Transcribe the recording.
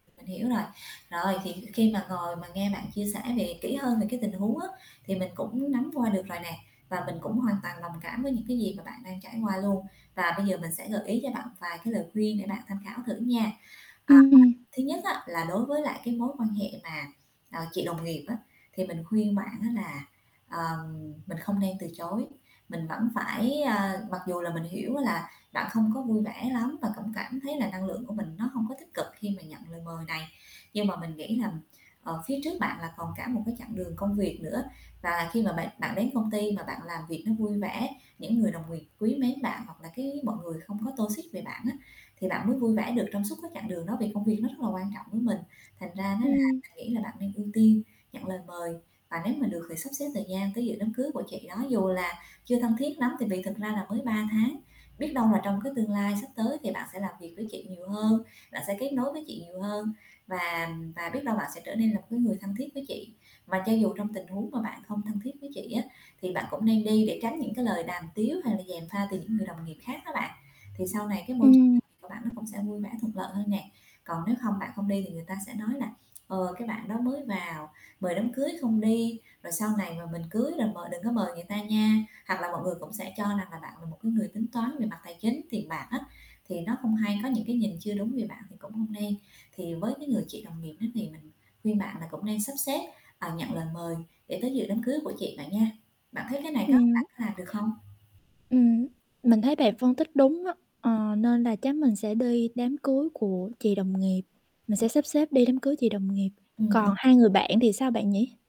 Mình hiểu rồi. Rồi thì khi mà ngồi mà nghe bạn chia sẻ về kỹ hơn về cái tình huống á, thì mình cũng nắm qua được rồi nè và mình cũng hoàn toàn đồng cảm với những, cái, gì mà bạn đang trải qua luôn, và bây giờ mình sẽ gợi ý cho bạn vài cái lời khuyên để bạn tham khảo thử nha. Ờ, Ừm. thứ nhất á là đối với lại cái mối quan hệ mà, ờ, chị đồng nghiệp á, thì mình khuyên bạn á là, ờ, mình không nên từ chối, mình vẫn phải ơ, mặc dù là mình hiểu là bạn không có vui vẻ lắm và cũng cảm thấy là năng lượng của mình nó hông có tích cực khi mà nhận lời mời này. Nhưng mà mình nghĩ là, ờ, phía trước bạn là còn cả một cái chặng đường công việc nữa và khi mà bạn bạn đến công ty mà bạn làm việc nó vui vẻ, những người đồng nghiệp quý mến bạn hoặc là cái mọi người không có toxic về bạn á thì bạn mới vui vẻ được trong suốt cái chặng đường đó vì công việc nó rất là quan trọng với mình. Thành ra nó là Ừm. mình nghĩ là bạn nên ưu tiên, nhận lời mời và nếu mà được thì sắp xếp thời gian tới dự đám cưới của chị đó dù là chưa thân thiết lắm tại vì thực ra là mới 3 tháng, biết đâu là trong cái tương lai sắp tới thì bạn sẽ làm việc với chị nhiều hơn, bạn sẽ kết nối với chị nhiều hơn và và biết đâu bạn sẽ trở nên là một cái người thân thiết với chị. Và cho dù trong tình huống mà bạn không thân thiết với chị á thì bạn cũng nên đi để tránh những cái lời đàm tiếu hay là dèm pha từ những người đồng nghiệp khác đó bạn. Thì sau này cái môi tr Ừm. làm việc của bạn nó cũng sẽ vui vẻ thuận lợi hơn nè. Còn nếu không bạn không đi thì người ta sẽ nói là "Ờ, cái, bạn đó mới vào, mời đám cưới không đi rồi sau này mà mình cưới rồi mời đừng có mời người ta nha", hoặc là mọi người cũng sẽ cho rằng là bạn là một cái người tính toán về mặt tài chính, tiền bạc á thì nó không hay, có những cái nhìn chưa đúng về bạn thì cũng không nên. Thì với cái người chị đồng nghiệp đó thì mình khuyên bạn là cũng nên sắp xếp, ờ, nhận lời mời để tới dự đám cưới của chị bạn nha. Bạn thấy cái này có Ừm. bạn có làm được không? Ừm, mình thấy bạn phân tích đúng á, ờ, nên là chắc mình sẽ đi đám cưới của chị đồng nghiệp, mình sẽ sắp xếp đi đám cưới chị đồng nghiệp, Ừm, còn đúng. hai người bạn thì sao bạn nhỉ?